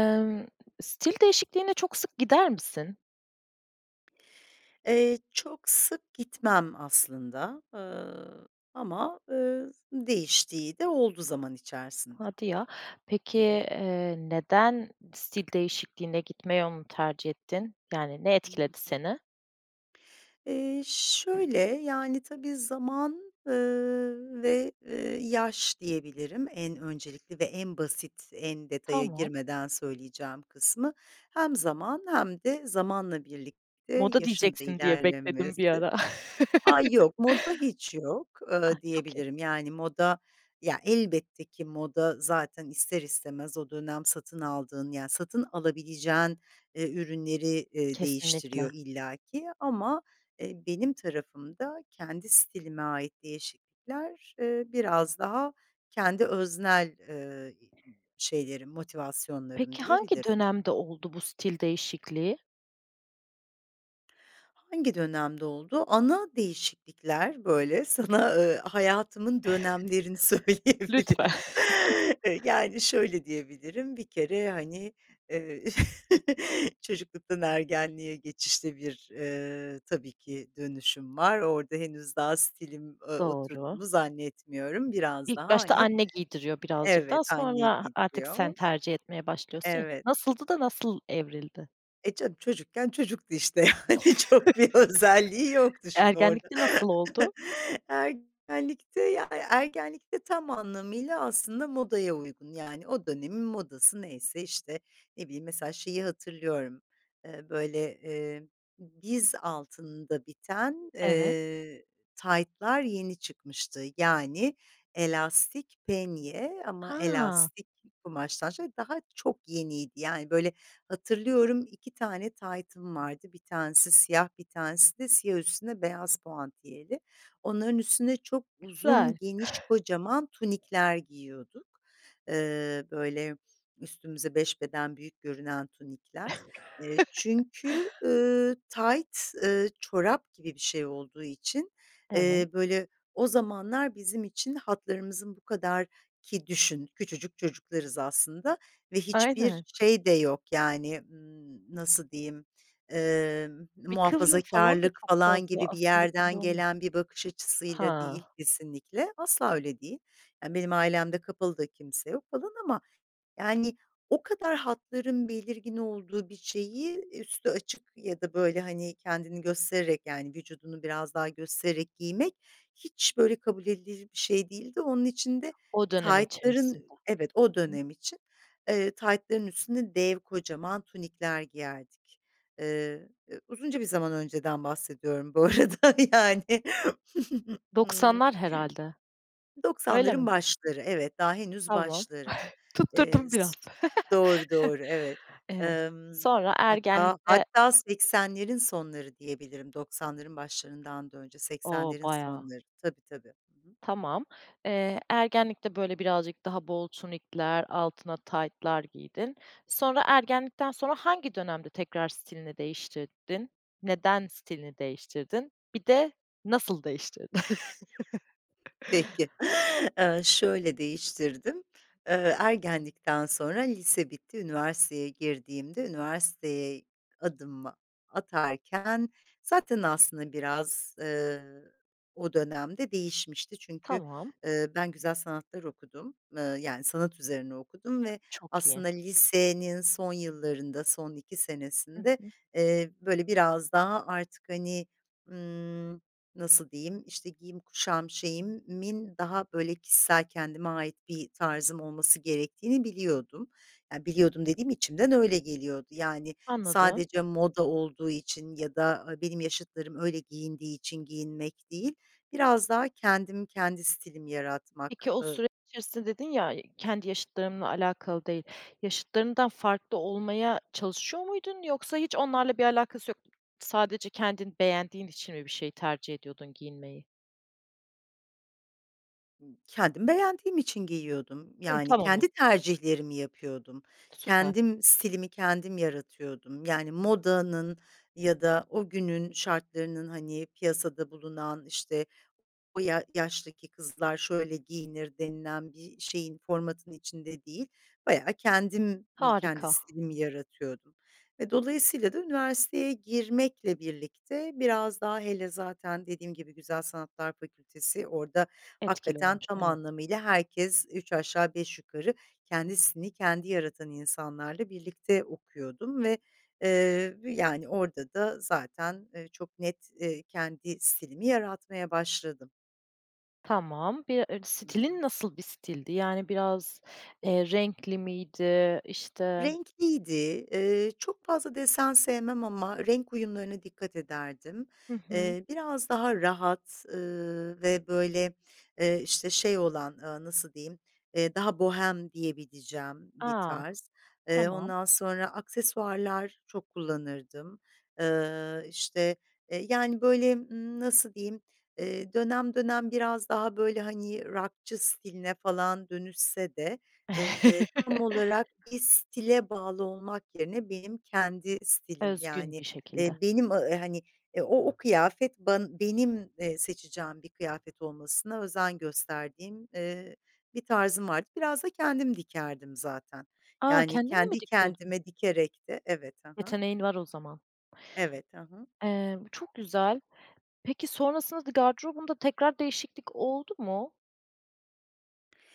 Imm, stil değişikliğine çok sık gider misin? Eee, çok sık gitmem aslında, ııı, ama, ııı, z değiştiği de oldu zaman içerisinde. Hadi ya! Hı hı. Peki, ııı, neden stil değişikliğine gitme yolunu tercih ettin? Yani, ne Hı etkiledi hı. seni? Eee, şöyle, yani, tabii, zaman, ııı, ve, ııı, yaş diyebilirim en öncelikli ve en basit, en detaya Tamam. girmeden söyleyeceğim kısmı. Hem zaman hem de zamanla birlikte Moda yaşın da diyeceksin diye bekledim bir ilerlemesi. ara. Ay, yok, moda hiç yok, Ah! ııı, Çok iyi. diyebilirim, yani, moda, ya, elbette ki moda zaten ister istemez o dönem satın aldığın, yani, satın alabileceğin, ııı, ürünleri, ııı, Kesinlikle. değiştiriyor illaki. Ama, eee, benim tarafımda kendi stilime ait değişiklikler, eee, biraz daha kendi öznel, eee, iii, şeylerim, motivasyonlarım Peki, hangi diyebilirim. dönemde oldu bu stil değişikliği? Hangi dönemde oldu? Ana değişiklikler böyle sana, ııı, hayatımın dönemlerini Lütfen. söyleyebilirim. Iıı, yani, şöyle diyebilirim, bir kere, hani, eee, çocukluktan ergenliğe geçişte bir, eee, tabii ki dönüşüm var. Orada henüz daha stilim, ııı, Doğru. oturduğunu zannetmiyorum, biraz daha, İlk başta hani anne giydiriyor, birazcık Evet, daha anne sonra a artık sen giydiriyor. tercih etmeye başlıyorsun, ya. Evet. Nasıldı da, nasıl evrildi? E, canım, çocukken çocuktu, işte, yani, çok bir özelliği yoktu şimdi orada. Ergenlikte nasıl oldu? Ergenlikte, ya yani, ergenlikte tam anlamıyla aslında modaya uygun, yani, o dönemin modası neyse, işte, ne bileyim, mesela, şeyi hatırlıyorum, ııı, böyle, eee, diz altında biten, Evet. eee, taytlar yeni çıkmıştı. Yani, elastik penye ama Ha! elastik kumaştan, şöyle, daha çok yeniydi. Yani, böyle, hatırlıyorum, 2 tane taytım vardı, 1 tanesi siyah, 1 tanesi de siyah üstüne beyaz puantiyeli. Onların üstüne çok Güzel. uzun, geniş, kocaman tunikler giyiyorduk. Iıı, böyle, üstümüze 5 beden büyük görünen tunikler. Eee, çünkü, ııı, tayt, ııı, çorap gibi bir şey olduğu için, Evet. eee, böyle, o zamanlar bizim için hatlarımızın bu kadar ki düşün, küçücük çocuklarız aslında ve hiçbir Aynen. şey de yok, yani, ımm, nasıl diyeyim, ııı, Bir kıvrım falan da muhafazakârlık çok falan fazla gibi bir aslında belli yerden olmaz. gelen bir bakış açısıyla değil Ha. kesinlikle, asla öyle değil. Yani, benim ailemde kapalı da kimse yok falan ama, yani, o kadar hatların belirgin olduğu bir şeyi, eee, üstü açık ya da, böyle, hani, kendini göstererek, yani, vücudunu biraz daha göstererek giymek hiç, böyle, kabul edilir bir şey değildi. Onun için de O dönem içerisinde. taytların Evet, o Hı hı. dönem için. Eee, taytların üstüne dev kocaman tunikler giyerdik. Iıı, ı uzunca bir zaman önceden bahsediyorum bu arada, yani. 90'lar herhâlde. Öyle 90'ların mi? başları, evet, daha henüz Tamam. başları. Eee, Tutturdum biraz. s Doğru, doğru, evet. Eee, Imm, sonra hatta, ergenlikte hatta, 80'lerin sonları diyebilirim, 90'ların başlarından da önce O, 80'lerin baya. sonları. Tabii, tabii. Hı hı. Tamam. Eee, ergenlikte böyle birazcık daha bol tunikler, altına taytlar giydin. Sonra ergenlikten sonra hangi dönemde tekrar stilini değiştirdin? Neden stilini değiştirdin, bir de nasıl değiştirdin? Peki, ııı, şöyle değiştirdim, ııı, ergenlikten sonra lise bitti, üniversiteye girdiğimde üniversiteye adımımı atarken zaten aslında biraz, ııı, o dönemde değişmişti. Çünkü, Tamam. ııı, ben güzel sanatlar okudum, ııı, yani, sanat üzerine okudum ve Çok iyi. aslında lisenin son yıllarında, son 2 Hı senesinde, hı. eee, böyle, biraz daha artık, hani, ımm, nasıl diyeyim, işte, giyim kuşam şeyimin daha, böyle, kişisel kendime ait bir tarzım olması gerektiğini biliyordum. Ya, biliyordum dediğim içimden öyle geliyordu. Yani, Anladım. sadece moda olduğu için ya da a benim yaşıtlarım öyle giyindiği için giyinmek değil, biraz daha kendim kendi stilimi yaratmak. Peki, o I süreç içerisinde dedin ya, kendi yaşıtlarımla alakalı değil yaşıtlarından farklı olmaya çalışıyor muydun yoksa hiç onlarla bir alakası yok, sadece kendin beğendiğin için mi bir şey tercih ediyordun giyinmeyi? Kendim beğendiğim için giyiyordum, Hımm, yani, tamam oz kendi tercihlerimi yapıyordum. Süper. Kendim stilimi kendim yaratıyordum, yani, modanın ya da o günün şartlarının, hani, piyasada bulunan, işte, "O ya yaştaki kızlar şöyle giyinir." denilen bir şeyin, formatın içinde değil, bayağı kendim mi kendi Harika. stilimi yaratıyordum ve dolayısıyla da üniversiteye girmekle birlikte biraz daha hele zaten dediğim gibi Güzel Sanatlar Fakültesi orada Etkili hakikaten olmuş, tam evet. anlamıyla herkes üç aşağı beş yukarı kendi stilini kendi yaratan insanlarla birlikte okuyordum ve, eee, yani, orada da zaten, eee, çok net, eee, kendi stilimi yaratmaya başladım. Tamam, bir e Hı hı. stilin nasıl bir stildi, yani, biraz, eee, renkli miydi işte Renkliydi, ııı, çok fazla desen sevmem ama renk uyumlarına dikkat ederdim. Hı hı. Eee, biraz daha rahat, ııı, ve böyle, eee, işte, şey olan, aaa, nasıl diyeyim, eee, daha bohem diyebileceğim bir A! tarz. Eee, Tamam. ondan sonra aksesuarlar çok kullanırdım. Iıı, işte, eee, yani, böyle, ımm, nasıl diyeyim, eee, dönem dönem biraz daha böyle, hani, rockçı stiline falan dönüşse de, eee, tam olarak bir stile bağlı olmak yerine benim kendi stilim, Özgün yani, bir şekilde. eee, benim, ı hani, o o kıyafet, ban benim, eee, seçeceğim bir kıyafet olmasına özen gösterdiğim, eee, bir tarzım vardı. Biraz da kendim dikerdim zaten. A, Yani kendin de mi kendi dikiyordun? kendime dikerek de evet ha ha. Yeteneğin var o zaman. Evet ha ha. Eee, bu çok güzel. Peki, sonrasında da gardırobunda tekrar değişiklik oldu mu?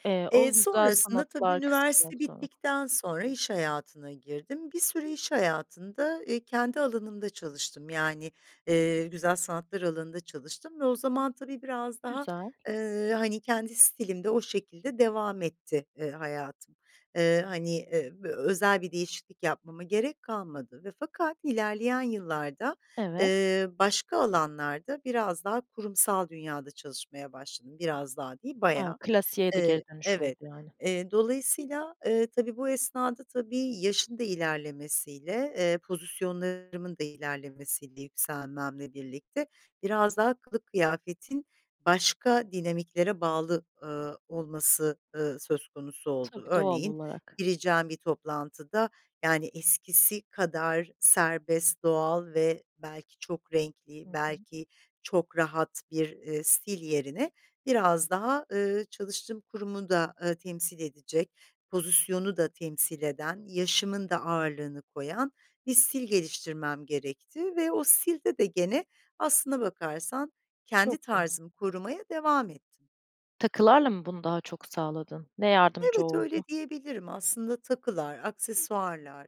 Eee, o Eee, güzel sonrasında, tabii, sanatlar kısmından üniversite sonra. bittikten sonra iş hayatına girdim. Bir süre iş hayatında, eee, kendi alanımda çalıştım, yani, eee, güzel sanatlar alanında çalıştım ve o zaman, tabii, biraz daha, Güzel. eee, hani, kendi stilimde o şekilde devam etti, eee, hayatım. Eee, hani, eee, v özel bir değişiklik yapmama gerek kalmadı ve fakat ilerleyen yıllarda, Evet. eee, başka alanlarda biraz daha kurumsal dünyada çalışmaya başladım. Biraz daha değil A, bayağı. klasiğe de geri E, dönüş oldu evet, yani. eee, dolayısıyla, eee, tabii, bu esnada, tabii, yaşın da ilerlemesiyle, eee, pozisyonlarımın da ilerlemesiyle, yükselmemle birlikte biraz daha kılık kıyafetin başka dinamiklere bağlı, ııı, olması, ııı, söz konusu oldu. Tabii, doğal Örneğin olarak. gireceğim bir toplantıda, yani, eskisi kadar serbest, doğal ve belki çok Hı renkli, hı. belki çok rahat bir, eee, stil yerine biraz daha, ııı, çalıştığım kurumu da, ııı, temsil edecek, pozisyonu da temsil eden, yaşımın da ağırlığını koyan, bir stil geliştirmem gerekti ve o stilde de gene aslına bakarsan kendi Çok iyi. tarzımı korumaya devam ettim. Takılarla mı bunu daha çok sağladın? Ne yardımcı Evet, öyle oldu? diyebilirim. Aslında takılar, aksesuarlar,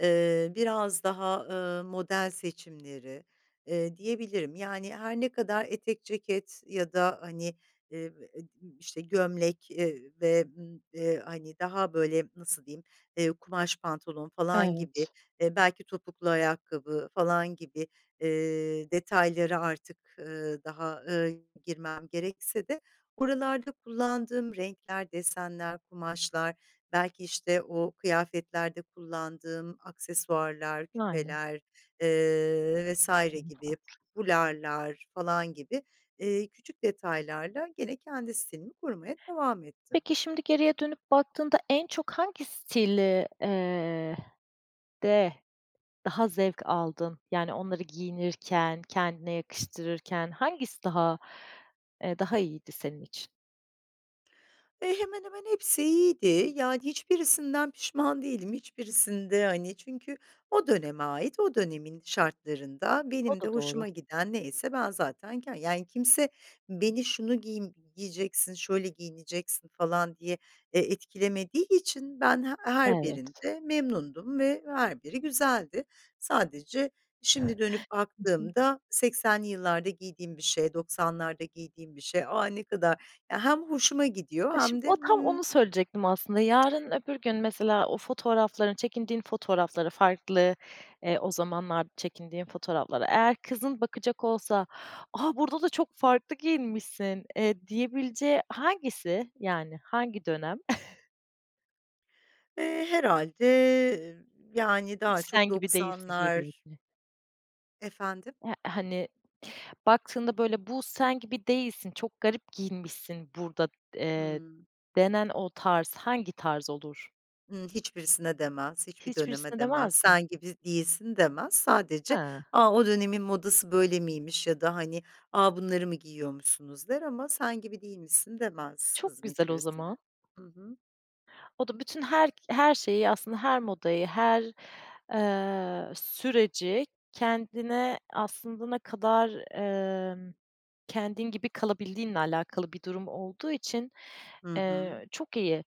eee, biraz daha, ııı, model seçimleri, eee, diyebilirim. Yani, her ne kadar etek, ceket ya da, hani, [unintelligible] işte, gömlek, eee, i ve, ımm, eee, hani, daha, böyle, nasıl diyeyim, eee, kumaş pantolon falan gibi, Evet. e, belki topuklu ayakkabı falan gibi, eee, detayları artık, ııı, daha, ııı, girmem gerekse de buralarda kullandığım renkler, desenler, kumaşlar belki, işte, o kıyafetlerde kullandığım aksesuarlar, Aynen. küpeler, eee, vs. Hımm, gibi farklı. fularlar falan gibi, eee, küçük detaylarla gene kendi stilimi kurmaya devam ettim. Peki, şimdi geriye dönüp baktığında en çok hangi stil eee, de daha zevk aldın? Yani, onları giyinirken, kendine yakıştırırken hangisi daha, eee, daha iyiydi senin için? E, hemen hemen hepsi iyiydi. Yani, hiçbirisinden pişman değilim, hiçbirisinde, hani Çünkü o döneme ait, o dönemin şartlarında O benim da de doğru. hoşuma giden neyse ben zaten k Yani, kimse beni, "Şunu giym giyeceksin, şöyle giyineceksin." falan diye, eee, etkilemediği için ben h her Evet. birinde memnundum ve her biri güzeldi. Sadece şimdi dönüp I hı. baktığımda, 80'li yıllarda giydiğim bir şey, 90'larda giydiğim bir şey, "A, ne kadar" Ya, hem hoşuma gidiyor A, şimdi hem o de tam mmm onu söyleyecektim aslında, yarın, öbür gün mesela o fotoğrafların Çekindiğin fotoğrafları farklı, eee O zamanlar çekindiğin fotoğraflara eğer kızın bakacak olsa, "A, burada da çok farklı giyinmişsin." eee, diyebileceği hangisi, yani hangi dönem? Eee, herhâlde, yani, "Hiç daha çok sen gibi değilsin." 90'lar diyebileceği. Efendim? Ya, hani, baktığında, böyle, "Bu sen gibi değilsin, çok garip giyinmişsin burada." eee, Hımm. denen o tarz, hangi tarz olur? Iıı, hiçbirisine demez, hiçbir döneme Hiçbirisine demez, demez mi? "Sen gibi değilsin." demez. Sadece, A. "A, o dönemin modası böyle miymiş? ya da, hani, "A, bunları mı giyiyormuşsunuz?" der ama, "Sen gibi değilmişsin." demez Çok kızım güzel o hiçbirisine. zaman. Hı hı. O da bütün her her şeyi aslında her modayı, her, eee, süreci kendine aslında ne kadar, emm Kendin gibi kalabildiğinle alakalı bir durum olduğu için, Hı hı. eee, çok iyi.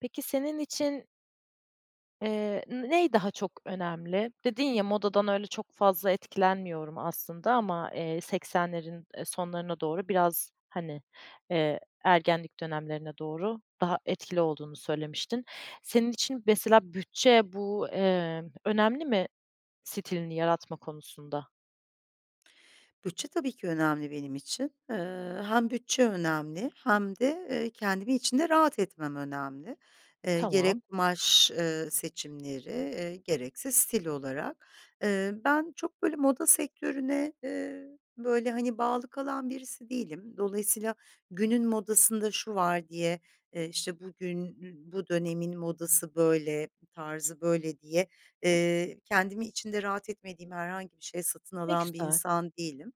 Peki senin için eee n ney daha çok önemli? Dedin ya, "Modadan öyle çok fazla etkilenmiyorum aslında ama, eee, 80'lerin, eee, sonlarına doğru biraz, hani, eee, ergenlik dönemlerine doğru daha etkili" olduğunu söylemiştin. Senin için mesela bütçe bu, emm, önemli mi stilini yaratma konusunda? Bütçe tabii ki önemli benim için. Eee, hem bütçe önemli hem de, eee, kendimi içinde rahat etmem önemli. Eee, Tamam. gerek kumaş, ııı, seçimleri, eee, gerekse stil olarak. Eee, ben çok, böyle, moda sektörüne, eee, böyle, hani, bağlı kalan birisi değilim. Dolayısıyla günün modasında "Şu var." diye, eee, işte, "Bugün n bu dönemin modası böyle, tarzı böyle." diye, eee, kendimi içinde rahat etmediğim herhangi bir şey satın Ne alan bir güzel. insan değilim.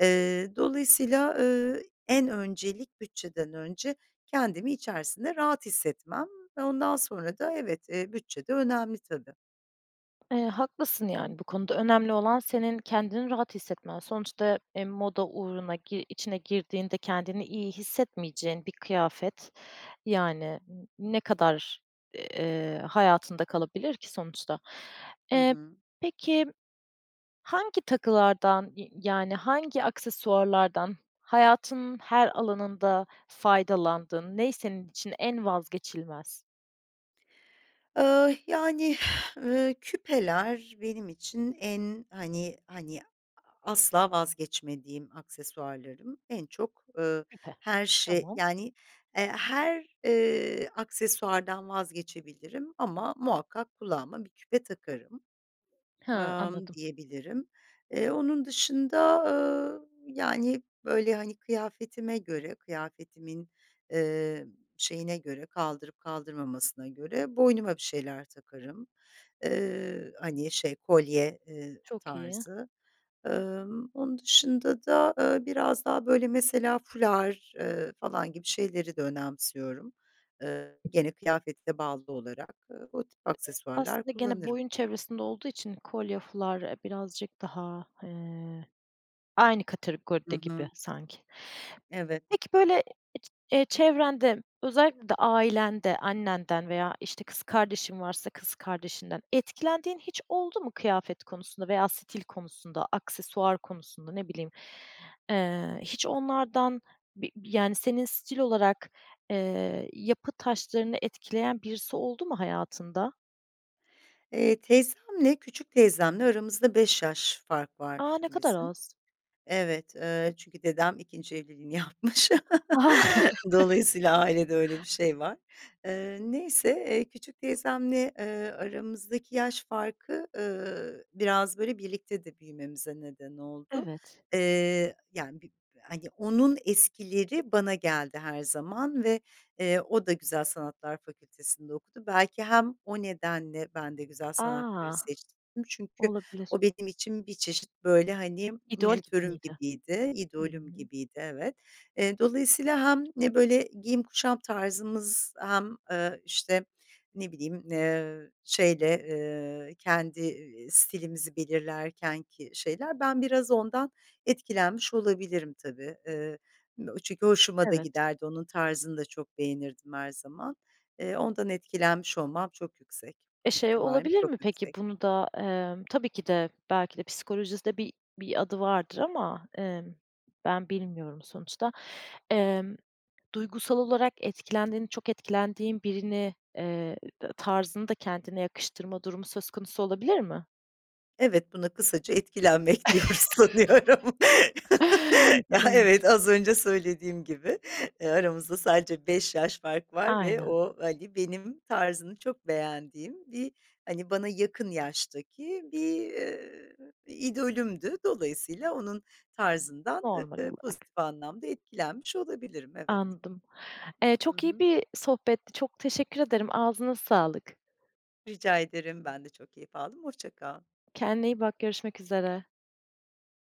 Eee, dolayısıyla, eee, en öncelik bütçeden önce kendimi içerisinde rahat hissetmem ve ondan sonra da, evet, eee, bütçe de önemli, tabii. Eee, haklısın, yani, bu konuda, önemli olan senin kendini rahat hissetmen. Sonuçta, eee, moda uğruna gi içine girdiğinde kendini iyi hissetmeyeceğin bir kıyafet, yani, n ne kadar, eee, hayatında kalabilir ki sonuçta. Hı Eee, hı. peki, hangi takılardan, i yani, hangi aksesuarlardan hayatının her alanında faydalandın? Ne senin için en vazgeçilmez? Eee, yani, ııı, küpeler benim için en, hani hani, a asla vazgeçmediğim aksesuarlarım, en çok, ııı, [unintelligible] her şey, Tamam. yani, eee, her, eee, aksesuardan vazgeçebilirim ama muhakkak kulağıma bir küpe takarım, Hıı, emm, anladım. diyebilirim. E, onun dışında, ııı, yani, böyle, hani, kıyafetime göre kıyafetimin, eee, şeyine göre kaldırıp kaldırmamasına göre boynuma bir şeyler takarım. Eee, hani, şey kolye, eee, Çok iyi. tarzı. Emm, onun dışında da, aaa, biraz daha, böyle, mesela, fular, eee, falan gibi şeyleri de önemsiyorum. Eee, gene kıyafete bağlı olarak. E, o tip aksesuarlar Aslında gene kullanırım. boyun çevresinde olduğu için, kolye, fular, eee, birazcık daha, eee, aynı Hı kategoride gibi hı. sanki. Evet. Peki, böyle, eee, çevrende, özellikle de ailende, annenden veya, işte, kız kardeşin varsa kız kardeşinden, etkilendiğin hiç oldu mu kıyafet konusunda veya stil konusunda, aksesuar konusunda, ne bileyim, eee, hiç onlardan bi yani, senin stil olarak, eee, yapı taşlarını etkileyen birisi oldu mu hayatında? Eee, teyzemle küçük teyzemle aramızda 5 yaş fark A! var Ne kadar bizim. az. Evet eee, çünkü dedem 2'nci evliliğini yapmış. Dolayısıyla ailede öyle bir şey var. Eee, neyse, eee, küçük teyzemle, ııı, aramızdaki yaş farkı, ııı, biraz, böyle, birlikte de büyümemize neden oldu. Evet. Eee, yani, bir, hani, onun eskileri bana geldi her zaman ve, eee, o da Güzel Sanatlar Fakültesi'nde okudu. Belki hem o nedenle ben de Güzel Sanatları A! seçtim çünkü Olabilir. o benim için bir çeşit, böyle, hani, İdol gibi mentörüm miydi? gibiydi, Hı idolüm hı. gibiydi, evet. Eee, dolayısıyla hem ne, böyle, giyim kuşam tarzımız hem, eee, işte, ne bileyim, ııı, şeyle, ııı, kendi, ııı, stilimizi belirlerkenki şeyler ben biraz ondan etkilenmiş olabilirim, tabii. Iıı, m çünkü hoşuma da Evet. giderdi, onun tarzını da çok beğenirdim her zaman. Eee, ondan etkilenmiş olmam çok yüksek E, şey ihtimalim olabilir çok mi, yüksek. peki, bunu da, emm, tabii ki de belki de psikolojisi de bir bir adı vardır ama, emm, ben bilmiyorum sonuçta. Emm, duygusal olarak etkilendiğin çok etkilendiğin birini, eee, t tarzını da kendine yakıştırma durumu söz konusu olabilir mi? Evet, buna kısaca etkilenmek diyoruz sanıyorum. Ya, Tabii. evet, az önce söylediğim gibi, eee, aramızda sadece 5 yaş fark var ve Aynen. o, hani, benim tarzını çok beğendiğim bir, hani, bana yakın yaştaki bir, ııı, idolümdü. Dolayısıyla onun tarzından, Normal eee, olarak. pozitif anlamda etkilenmiş olabilirim, evet. Anladım, eee, Hı çok iyi hı. bir sohbetti, çok teşekkür ederim, ağzına sağlık. Rica ederim, ben de çok keyif aldım, hoşça kal. Kendine iyi bak, görüşmek üzere.